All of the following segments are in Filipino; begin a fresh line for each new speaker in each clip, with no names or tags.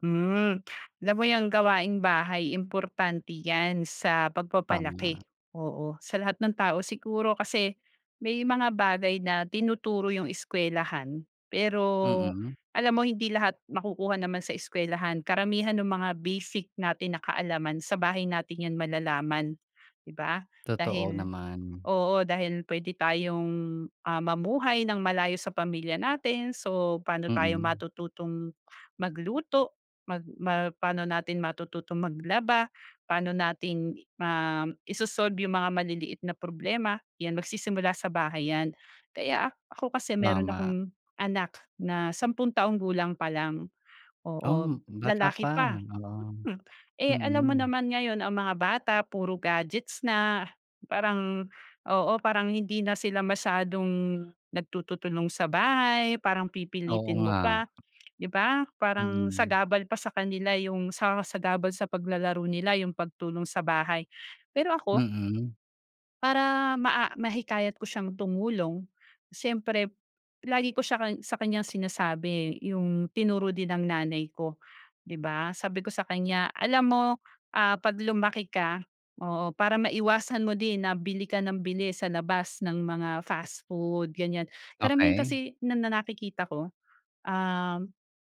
Hmm, alam mo yang gawaing-bahay, importante yan sa
Tama.
pagpapalaki, oo, sa lahat ng tao siguro. Kasi may mga bagay na tinuturo yung eskwelahan, pero
Mm.
alam mo hindi lahat makukuha naman sa eskwelahan. Karamihan nung mga basic natin na kaalaman, sa bahay natin yan malalaman, di ba,
Totoo
dahil
naman.
oo, dahil puwede tayong, ah, mamuhay nang malayo sa pamilya natin. So, paano tayo
Mm.
matututong magluto, magma paano natin matututong maglaba, paano natin i ma iso-solve yung mga maliliit na problema, yan, magsisimula sa bahay yan. Kaya ak ako kasi, meron
Tama.
akong anak na sampung taong gulang palang, oo,
Um, bata
lalaki pa,
pa, oo.
mm. Eh alam mo
Mm.
naman ngayon ang mga bata puro gadgets na, parang, oo, parang hindi na sila masyadong nagtututulong sa bahay, parang
Oo
pipilitin mo
nga.
pa, di ba, parang
Mm.
sagabal pa sa kanila yung sa sagabal sa paglalaro nila yung pagtulong sa bahay. Pero ako
Mm.
para maa mahikayat ko siyang tumulong, siyempre lagi ko siya kang sa kanyang sinasabi yung tinuro din ng nanay ko, di ba? Sabi ko sa kanya, "Alam mo, ah, 'pag lumaki ka," oo, "para maiwasan mo din na bili ka nang bili sa labas ng mga fast food," ganiyan. Karamihan
Okey.
kasi na na nakikita ko, um,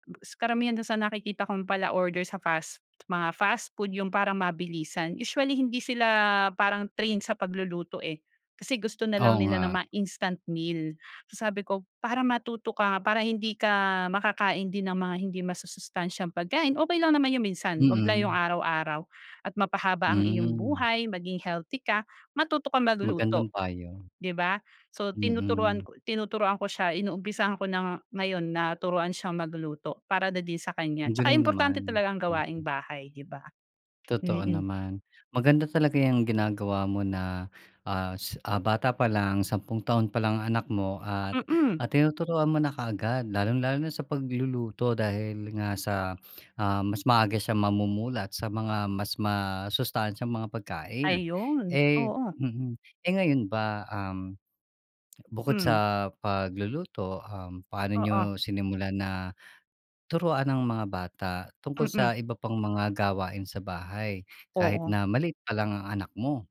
gus karamihan dun sa nakikita kong pala-order sa fast mga fast food, yung parang mabilisan, usually hindi sila parang trained sa pagluluto eh kasi gusto nalang
Oo
nila ng
nga.
mga instant meal. Sabi ko, "Para matuto ka nga, para hindi ka makakain din ng mga hindi masusustansyang pagkain," okey lang naman yung minsan 'wag lang yung
Mm.
araw-araw at mapahaba ang iyong
Hmm.
buhay, maging healthy ka, matuto kang
Magandang
maguluto,
payo.
di ba? So, tinuturuan
Mm.
ko tinuturuan ko siya, inumpisahan ko na ngayon na turuan siyang magluto para na din sa kanya.
Ang
Tsaka
galing
importante
naman.
talaga ang gawaing
Mm.
bahay, di ba?
Totoo
Mm.
naman. Maganda talaga yang ginagawa mo na, ah, s ah, bata palang sampung taon palang ang anak mo at,
Mm.
ah, tinuturuan mo na kaagad lalong-lalo na sa pagluluto dahil nga sa, ah, mas maaga siyang mamumulat sa mga mas masustansyang mga pagkain.
Ayun,
Eh,
oo.
mm, eh ngayon ba, um, bukod
Hmm.
sa pagluluto, um, paano
Oo.
niyo sinimulan na turuan ang mga bata tungkol sa
Mm.
iba pang mga gawain sa bahay kahit
Oo.
na maliit palang ang anak mo?